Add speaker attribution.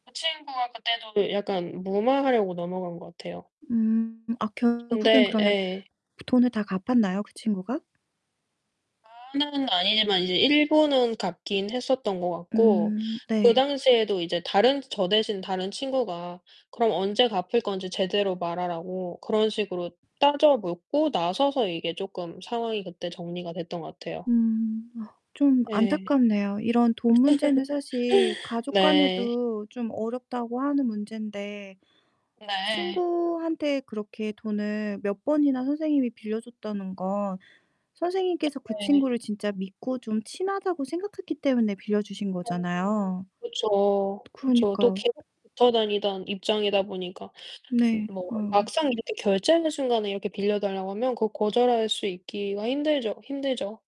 Speaker 1: 그 친구가 그때도 이 약간 무마하려고 넘어간 것 같아요.
Speaker 2: 음. 아
Speaker 1: 근데
Speaker 2: 결국엔 그러면
Speaker 1: 예.
Speaker 2: 부 돈을 다 갚았나요 그 친구가?
Speaker 1: 다 그날은 아니지만 이제 일부는 갚긴 했었던 것 같고
Speaker 2: 음
Speaker 1: 그
Speaker 2: 네.
Speaker 1: 당시에도 이제 다른 저 대신 다른 친구가 그럼 언제 갚을 건지 제대로 말하라고 그런 식으로 따져 묻고 나서서 이게 쪼끔 상황이 그때 정리가 됐던 것 같아요.
Speaker 2: 음 아 좀
Speaker 1: 예.
Speaker 2: 안타깝네요. 이런 돈 문제는 사실 가족
Speaker 1: 네.
Speaker 2: 간에도 좀 어렵다고 하는 문제인데
Speaker 1: 네.
Speaker 2: 친구한테 그렇게 돈을 몇 번이나 선생님이 빌려 줬다는 건 선생님께서 그
Speaker 1: 네.
Speaker 2: 친구를 진짜 믿고 좀 친하다고 생각했기 때문에 빌려주신
Speaker 1: 음.
Speaker 2: 거잖아요.
Speaker 1: 그쵸. 그쵸. 또
Speaker 2: 그러니까요.
Speaker 1: 계속 붙어 다니던 입장이다 보니까 음
Speaker 2: 네,
Speaker 1: 뭐
Speaker 2: 어유.
Speaker 1: 막상 이렇게 결제하는 순간에 이렇게 빌려 달라고 하면 그거 거절할 수 있기가 힘들죠 힘들죠.